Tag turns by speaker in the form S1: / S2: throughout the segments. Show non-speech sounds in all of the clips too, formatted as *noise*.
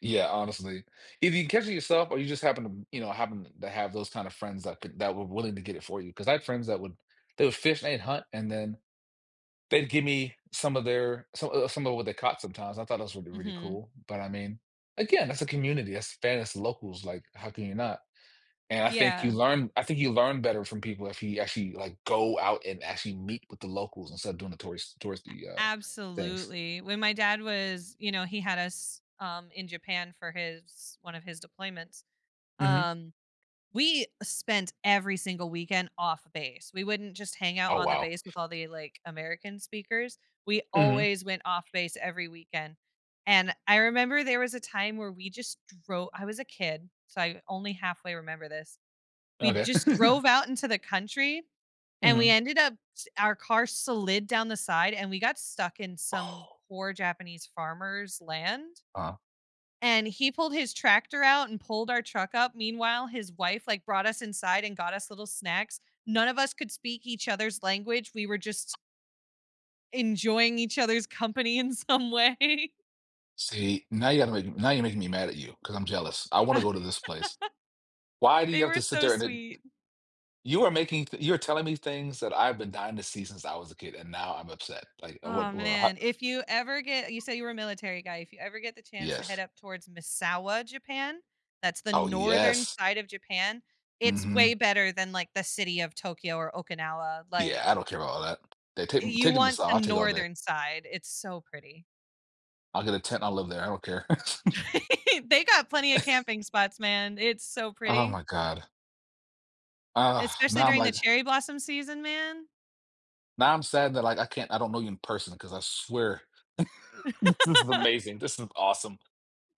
S1: Yeah, honestly. If you catch it yourself or you just happen to m you know, happen to have those kind of friends that could that were willing to get it for you, 'cause I had friends that would they would fish and hunt and then they'd gimme some of their some o some of what they caught sometimes. I thought that was really, really
S2: Mhm.
S1: cool, but I mean, again, that's a community, that's that is locals, like, how can you not? And I think you
S2: Yeah.
S1: learn I think you learn better from people if you actually, like, go out and actually meet with the locals instead of doing the tourist
S2: A
S1: touristy, uh, things.
S2: absolutely, when my dad was you know, he had us, um, in Japan for his one of his deployments,
S1: Mhm.
S2: um, we spent every single weekend off-base. We wouldn't just hang out
S1: Oh,
S2: on the
S1: wow.
S2: base with all the, like, American speakers; we
S1: Mhm.
S2: always went off-base every weekend. And I remember there was a time where we just dro I was a kid, so I only halfway remember this, we
S1: Okay.
S2: just drove
S1: *giggles*
S2: out into the country, and we
S1: Mhm.
S2: ended up s our car slid down the side, and we got stuck in some
S1: Oh.
S2: poor Japanese farmer's land
S1: Uh-huh.
S2: and he pulled his tractor out and pulled our truck up. Meanwhile, his wife, like, brought us inside and got us little snacks. None of us could speak each other's language, we were just enjoying each other's company in some way.
S1: See, now you gotta make m now you're making me mad at you, 'cause I'm jealous. I wanna go
S2: *laughs*
S1: to this place. Why do you
S2: They
S1: have
S2: were
S1: to sit
S2: so
S1: there and then
S2: sweet.
S1: you are making th you're telling me things that I've been dying to see since I was a kid, and now I'm upset. Like, uh,
S2: Oh
S1: what or ho
S2: man, if you ever get you say you were a military guy, if you ever get the chance to head
S1: Yes.
S2: up towards Misawa, Japan, that's the
S1: Oh,
S2: northern
S1: yes.
S2: side of Japan, it's way
S1: Mhm.
S2: better than, like, the city of Tokyo or Okinawa,
S1: Yeah, I
S2: like
S1: don't care about all that. They
S2: Eh,
S1: take
S2: you
S1: taking *unintelligible*
S2: want the
S1: all day.
S2: northern side- it's so pretty.
S1: I'll get a tent, and I'll live there, I don't care. *chuckles*
S2: *laughs* They got plenty of
S1: *chuckles*
S2: camping spots, man, it's so
S1: Oh
S2: pretty.
S1: my god. Ugh,
S2: Especially
S1: now I'm
S2: during the
S1: like
S2: cherry blossom season, man.
S1: Now I'm sad that, like, I can't I don't know you in person, 'cause I swear, *chuckles* this is
S2: *laughs*
S1: amazing, this is awesome.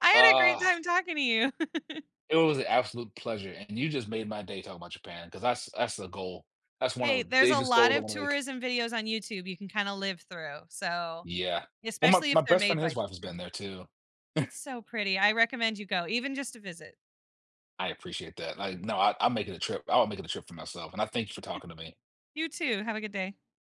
S2: I had a great
S1: Ugh!
S2: time talking to you. *chuckles*
S1: It was an absolute pleasure, and you just made my day talking about Japan, 'cause that's that's the goal. That's one of
S2: Hey,
S1: the
S2: there's a
S1: biggest
S2: lot
S1: goals I
S2: of
S1: wanna make.
S2: tourism videos on YouTube you can kinda live through, so
S1: Yeah. Well, my
S2: especially
S1: my
S2: if they're
S1: best friend,
S2: made by
S1: his
S2: J
S1: wife has
S2: from J
S1: been there too.
S2: It's
S1: *chuckles*
S2: so pretty, I recommend you go, even just to visit.
S1: I appreciate that. Like, no, I I'm making a trip, I'll make it a trip for myself, and I
S2: *chuckles*
S1: thank you for talking to me.
S2: You too, have a good day.